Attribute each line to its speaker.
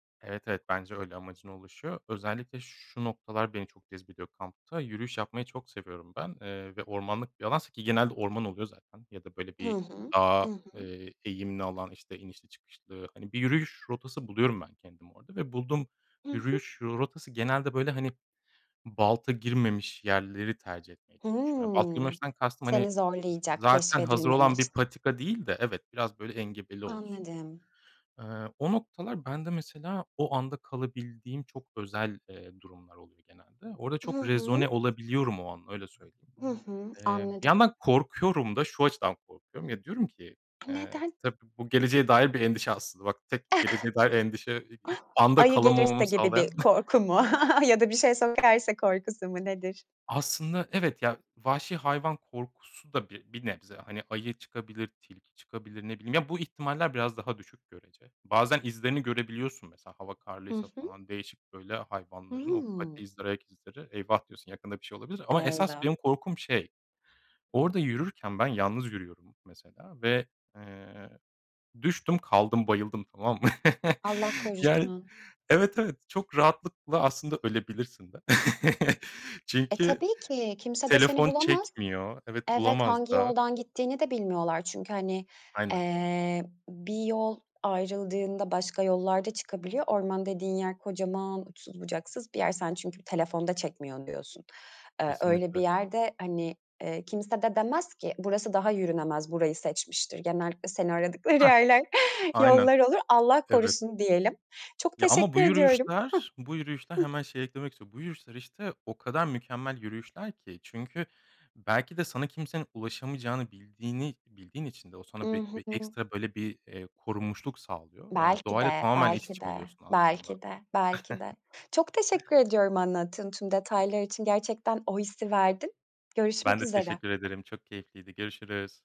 Speaker 1: Evet, evet, bence öyle, amacına ulaşıyor. Özellikle şu noktalar beni çok cezbediyor kampta. Yürüyüş yapmayı çok seviyorum ben. Eee, ve ormanlık bir alansa ki genelde orman oluyor zaten ya da böyle
Speaker 2: Hı
Speaker 1: bir
Speaker 2: hı. I
Speaker 1: daha,
Speaker 2: hı.
Speaker 1: eee, eğimli alan, işte, inişli çıkışlı, hani, bir yürüyüş rotası buluyorum ben kendim orada. Ve bulduğum
Speaker 2: Hı hı.
Speaker 1: yürüyüş rotası genelde böyle, hani, balta girmemiş yerleri tercih etmeye çalışıyorum. Balta
Speaker 2: Hımm.
Speaker 1: girmemişten kastım, hani,
Speaker 2: Seni
Speaker 1: z
Speaker 2: zorlayacak,
Speaker 1: zaten hazır olan
Speaker 2: keşfedilmemiş.
Speaker 1: bir patika değil de Evet, biraz böyle engebeli olsun.
Speaker 2: Anladım.
Speaker 1: Eee, o noktalar bende mesela o anda kalabildiğim çok özel, eee, durumlar oluyor genelde. Orada
Speaker 2: Hı
Speaker 1: çok rezone
Speaker 2: hı.
Speaker 1: olabiliyorum o an, öyle söyleyeyim.
Speaker 2: Hı hı,
Speaker 1: Eee, bir
Speaker 2: anladım.
Speaker 1: yandan korkuyorum da. Şu açıdan korkuyorum: Ya, diyorum ki, eee,
Speaker 2: Neden?
Speaker 1: tabii bu geleceğe dair bir endişe aslında. Bak, tek geleceğe dair endişe e e anda
Speaker 2: Ayı gelirse
Speaker 1: kalamamamı
Speaker 2: gibi bir
Speaker 1: sağlayan.
Speaker 2: korku mu ya da bir şey sokarsa korkusu mu, nedir?
Speaker 1: Aslında evet, ya, vahşi hayvan korkusu da b bir nebze. Hani ayı çıkabilir, tilki çıkabilir, ne bileyim. Ya, bu ihtimaller biraz daha düşük görece. Bazen izlerini görebiliyorsun mesela hava
Speaker 2: Hı
Speaker 1: karlıysa
Speaker 2: hı.
Speaker 1: falan. Değişik böyle hayvanların o
Speaker 2: Hıı.
Speaker 1: pati izleri, ayak izleri. "Eyvah." diyorsun, yakında bir şey olabilir. Ama esas
Speaker 2: Eyvah!
Speaker 1: benim korkum, şey, orada yürürken ben yalnız yürüyorum mesela ve, eee, düştüm, kaldım, bayıldım tamam mı?
Speaker 2: Allah
Speaker 1: Yani
Speaker 2: korusun.
Speaker 1: Evet, evet, çok rahatlıkla aslında ölebilirsin de.
Speaker 2: E,
Speaker 1: Çünkü
Speaker 2: tabii ki, kimse de seni
Speaker 1: telefon
Speaker 2: bulamaz.
Speaker 1: çekmiyor Evet,
Speaker 2: Evet,
Speaker 1: bulamaz
Speaker 2: hangi
Speaker 1: da.
Speaker 2: yoldan gittiğini de bilmiyorlar çünkü, hani,
Speaker 1: Aynen.
Speaker 2: eee, bir yol ayrıldığında başka yollar da çıkabiliyor. Orman dediğin yer kocaman, uçsuz bucaksız bir yer. Sen çünkü telefon da çekmiyor diyorsun. Eee, öyle bir
Speaker 1: Kesinlikle.
Speaker 2: yerde, hani, eee, kimse de demez ki, "Burası daha yürünemez, burayı seçmiştir." Genellikle seni aradıkları
Speaker 1: Hah!
Speaker 2: yerler
Speaker 1: Aynen.
Speaker 2: yollar olur. Allah
Speaker 1: Evet.
Speaker 2: korusun diyelim. Çok
Speaker 1: Ya, ama
Speaker 2: teşekkür
Speaker 1: bu
Speaker 2: ediyorum.
Speaker 1: yürüyüşler bu yürüyüşler
Speaker 2: Hıh. Hıh.
Speaker 1: hemen şey eklemek istiyorum, bu yürüyüşler, işte, o kadar mükemmel yürüyüşler ki. Çünkü belki de sana kimsenin ulaşamayacağını bildiğini bildiğin için de o
Speaker 2: I
Speaker 1: sana bi bir
Speaker 2: hı.
Speaker 1: ekstra böyle bir, eee, korunmuşluk sağlıyor. Eee,
Speaker 2: Belki
Speaker 1: doğayla
Speaker 2: de,
Speaker 1: tamamen iç
Speaker 2: belki
Speaker 1: içe
Speaker 2: de,
Speaker 1: oluyorsun aslında.
Speaker 2: belki de, belki de. Çok teşekkür ediyorum anlattığın tüm detaylar için, gerçekten o hissi verdin.
Speaker 1: Ben
Speaker 2: Görüşmek
Speaker 1: de
Speaker 2: üzere.
Speaker 1: teşekkür ederim. Çok keyifliydi, görüşürüz.